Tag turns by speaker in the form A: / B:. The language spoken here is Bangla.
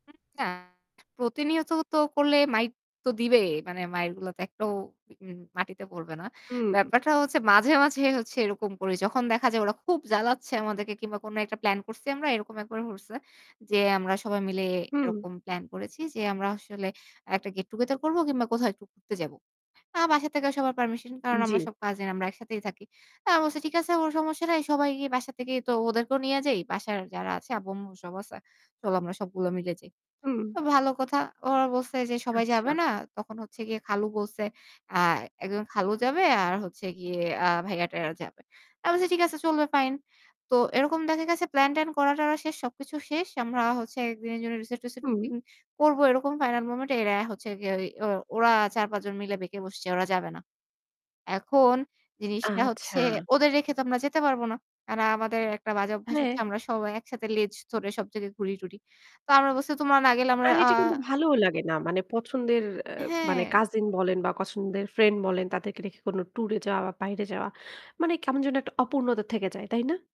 A: উম না প্রতিনিয়ত তো করলে মাইর তো দিবে। মানে মাইরগুলো তো একটাও উম মাটিতে পড়বে না।
B: হুম।
A: ব্যাপারটা হচ্ছে মাঝে, মাঝে হচ্ছে এরকম করি। যখন দেখা যায় ওরা খুব জ্বালাচ্ছে আমাদেরকে কিংবা কোন একটা প্ল্যান করছি আমরা এরকম একবার করছে। যে আমরা সবাই মিলে
B: হুম।
A: এরকম প্লান করেছি যে আমরা আসলে একটা গেট টুগেদার করব কিংবা কোথাও একটু ঘুরতে যাবো। আমার বাসা থেকে সবার পারমিশন কারণ
B: জি।
A: আমরা সব কাজিন আমরা একসাথেই থাকি। তা আমি বলছি ঠিক আছে কোন সমস্যা নাই। সবাই গিয়ে বাসা থেকে তো ওদেরকেও নিয়ে যাই। বাসায় যারা আছে আব্বু-আম্মু সব আছে। চলো আমরা সবগুলো মিলে যাই।
B: হুম।
A: তো ভালো কথা। ওরা বলছে যে সবাই যাবে
B: আচ্ছা।
A: না। তখন হচ্ছে গিয়ে খালু বলছে আ একজন খালু যাবে আর হচ্ছে গিয়ে আ ভাইয়া-টাইয়া এরা যাবে। আমি বলছি ঠিক আছে চলবে ফাইন। তো এরকম দেখা গেছে প্ল্যান-ট্যান করা-টরা শেষ। সবকিছু শেষ। আমরা হচ্ছে একদিনের জন্য রিসোর্ট-টিসোর্ট
B: হুম।
A: বুকিং করব। এরকম ফাইনাল মোমেন্ট এ এরা হচ্ছে গিয়ে ওই ওরা ৪-৫ জন মিলে বেঁকে বসছে। ওরা যাবে না। এখন জিনিসটা হচ্ছে
B: আচ্ছা।
A: ওদের রেখে তো আমরা যেতে পারব না। কারণ আমাদের একটা বাজে অভ্যাস হচ্ছে
B: হ্যাঁ।
A: আমরা সবাই একসাথে লেজ ধরে সব জায়গায় ঘুরি-টুরি। তো আমরা বলছি তোমরা না গেলে আমরা
B: আর
A: আ
B: এটা কিন্তু ভালোও লাগে না। মানে পছন্দের আ মানে
A: হ্যাঁ।
B: কাজিন বলেন বা পছন্দের ফ্রেন্ড বলেন তাদেরকে রেখে কোনো ট্যুর এ যাওয়া বা বাইরে যাওয়া। মানে কেমন যেন একটা অপূর্ণতা থেকে যায়, তাই না?